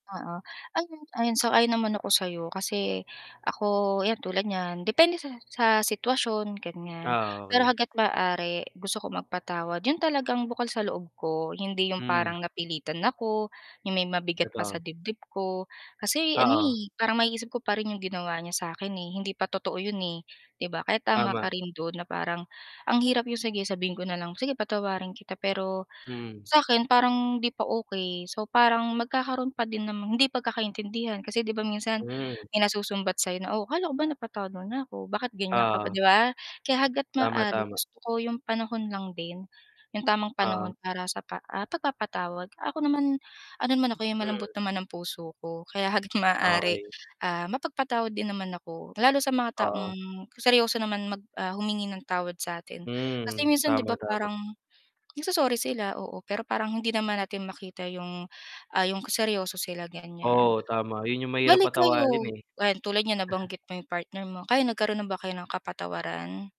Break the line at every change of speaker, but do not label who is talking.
Oo. Ayun, ayun sang-ayon naman ako sayo, kasi ako yan tulad niyan, depende sa sa sitwasyon ganyan.
Ah,
Pero
okay.
hangga't maaari gusto ko magpatawad yun talagang bukal sa loob ko, hindi yung
Mm.
parang napilitan ako, yung may mabigat pa
Totoo.
sa dibdib ko. Kasi ano,
Oo.
eh, parang maiisip ko pa rin yung ginawa niya sa akin, eh, hindi pa totoo yun, eh, 'di ba. Kaya tama ka
Tama.
rin dun na parang, ang hirap yung sige sabihin ko na lang, "Sige patawarin kita," pero
Mm.
sakin parang hindi pa okay. So parang magkakaroon pa din namang hindi pagkakaintindihan kasi 'di ba minsan,
Mm.
may nasusumbat sayo na, "Oh akala ko ba napatawad mo na ko? Bakit ganyan ka pa?"
Oo.
'di ba? Kaya hangga't
Tama,
maaari
tama.
gusto ko yung panahon lang din, yung tamang
Oo.
panahon para sa pa ah, pagpapatawad. Ako naman, ano naman ako, eh, malambot
Mm.
naman ang puso ko, kaya hangga't maaari,
Okay.
ah, mapagpatawad din naman ako. Lalo sa mga
Oo.
taong seryoso naman mag, ah, humingi ng tawad satin.
Hmm.
Kasi minsan 'di
Tama,
ba
tama.
parang nagso-sorry sila- oo- pero parang hindi naman natin makita yung, ah, yung ka seryoso sila ganyan.
Oo, tama. Yun yung mahirap
Bali
patawarin,
kayo,
eh.
yan tulad nyan nabanggit mo 'yong partner mo, kayo nagkaroon na ba kayo ng kapatawaran?